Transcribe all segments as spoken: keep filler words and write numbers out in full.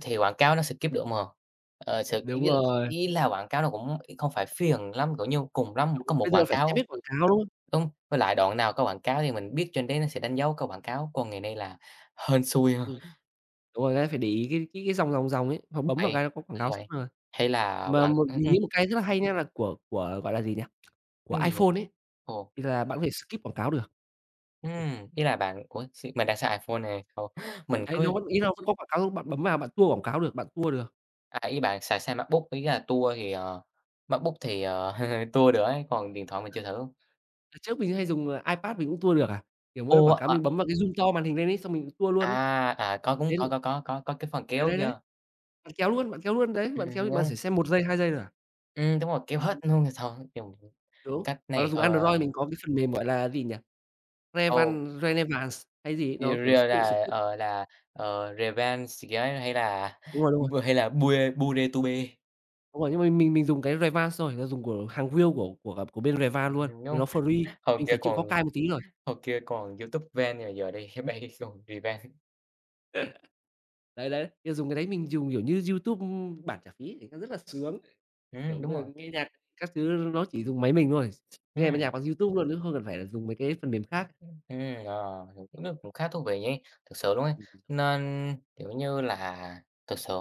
Thì quảng cáo nó skip được mà. Ờ, s ý Đúng là rồi. ý là quảng cáo nó cũng [unintelligible] không phải phiền lắm, kiểu như, cùng lắm một Đúng có [unintelligible] một bây quảng giờ phải xem cáo. hết quảng cáo, đúng không? Đúng, với lại đoạn nào có quảng cáo thì mình biết trên đấy nó sẽ đánh dấu có quảng cáo, còn ngày nay là hên xui ha. Ừm, đúng rồi, cái phải để ý cái cái dòng dòng dòng ấy, hoặc bấm vào Vậy cái có quảng cáo xong vậy, rồi. hay là Mà quảng một ừm, mình ừm. nghĩ một cái rất là hay nha, là của của, gọi là, gì nhỉ? Của Ưm, gì vậy? iPhone ấy, Ồ. thì là bạn có thể skip quảng cáo được. Ừm, ý là bạn ủa, x mình đang xài iPhone nè [unintelligible] mình Ấy, cứ nó vẫn ý là vẫn có quảng cáo luôn, bạn bấm vào bạn tua quảng cáo được, bạn tua được. À, ý bạn xài sang MacBook. Ý là tua thì, ờ MacBook thì, ờ, tua được ấy, còn điện thoại mình chưa thử. Đợt trước mình vẫn hay dùng, à, iPad mình cũng tua được à. Kiểu, mỗi lần Ủa, quảng cáo ờ mình bấm vào cái zoom to màn hình lên ấy, xong mình tua luôn ấy. À, à, có cúng, Đến có, có, có, có có cái phần Đấy, kéo đấy, đấy. kia. Bạn kéo luôn, bạn kéo luôn, đấy, Ừm, bạn ừm, kéo bạn xẻ đúng. xem một giây, hai giây thôi à? Ừm, đúng rồi kéo hết Ừm. luôn thì thôi dùng Đúng. cách Hoặc là này, dùng ờ Android mình có cái phần mềm, gọi là gì nhỉ? Ồ. Revanced Re ne vàng x hay gì, Rìa nó, kiểu, s rìa tự là, skip. ờ, là, ờ, Revanced kiểu ấy hay là Đúng rồi, đúng rồi. b hay là [unintelligible] Đúng rồi, nhưng mình mình mình dùng cái Revanced xong rồi, ờ, dùng của hàng real của của, à, của bên Revanced luôn, thì nó free [unintelligible] hồi mình kia phải chịu khó còn cài một tí thôi. hồi kia còn YouTube Vanced, rồi giờ đây nó bay cái [unintelligible] Revanced. Đấy, đấy, ơ, dùng cái đấy mình dùng, kiểu như, YouTube, ưm, bản trả phí thì có rất là sướng. Kiểu, Ừm, đúng bây rồi. giờ nghe nhạc các thứ nó chỉ dùng máy mình thôi, s ch nghe mấy Ừm. nhạc bằng YouTube luôn chứ không cần phải là dùng mấy cái phần mềm khác. Ưm, ừm, ờ, [unintelligible] cũng khá thú vị nhỉ, thực sự luôn ấy. Ừm [unintelligible] Nên, kiểu như là, thực sự,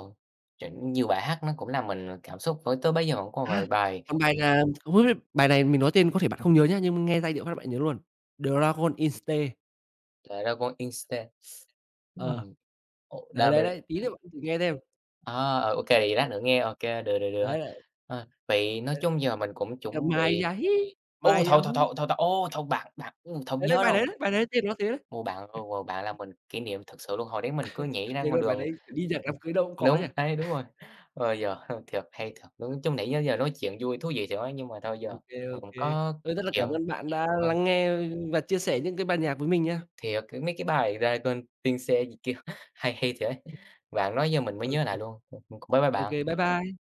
chững nhiều bài hát nó cũng làm mình cảm xúc với tới bây giờ vẫn còn vài À, bài. còn bài là [unintelligible] bài này mình nói tên có thể bạn không nhớ nhá, nhưng, ơ, nghe giai điệu phát là bạn nhớ luôn "Dragostea Din Tei". "Dragostea Din Tei". Ờ. Hừm. Ồ, Đấy, đa bê đấy, đấy, tí nữa bạn thử nghe xem. À, ờ, OK, vậy lát nữa nghe OK, được, được, được. Đấy, đấy. Ờ, vậy nói chung Đấy, giờ mình cũng chuẩn ờ, bị Ma-ia-hii. ối! Thôi, thôi, Ma-ia-huu. thôi, thôi, thôi, ố, thôi, bạn bạn, ừm, thôi Đấy, đấy, nhớ bài rồi. đấy đấy, bài đấy tên nó thế đấy. Ô, bạn, ờ, ờ, bạn làm mình kỷ niệm thực sự luôn, hồi đấy mình cứ nhảy ra Thề ngoài luôn bài đường đấy, kiểu, đi nhạc ừm, đám cưới đâu cũng có nhỉ? đúng, đấy, đúng rồi. Ơ, giờ hư thiệt hay thiệt, ứ, chứ nãy giơ giờ nói chuyện vui, thú vị thiệt ấy, nhưng mà thôi giờ Ô kê, ô mình cũng kê. có Thôi, rất là chuyện. cảm ơn bạn đã Vâng. lắng nghe và chia sẻ những cái bài nhạc với mình nha. Thiệt, c mấy cái bài "Dragostea Din Tei" gì kia hay hay thiệt ấy, bạn nói giờ mình mới Ô nhớ kê. lại luôn. Ừm, ừm, cũng bye bye Ô kê, bạn. bye bye.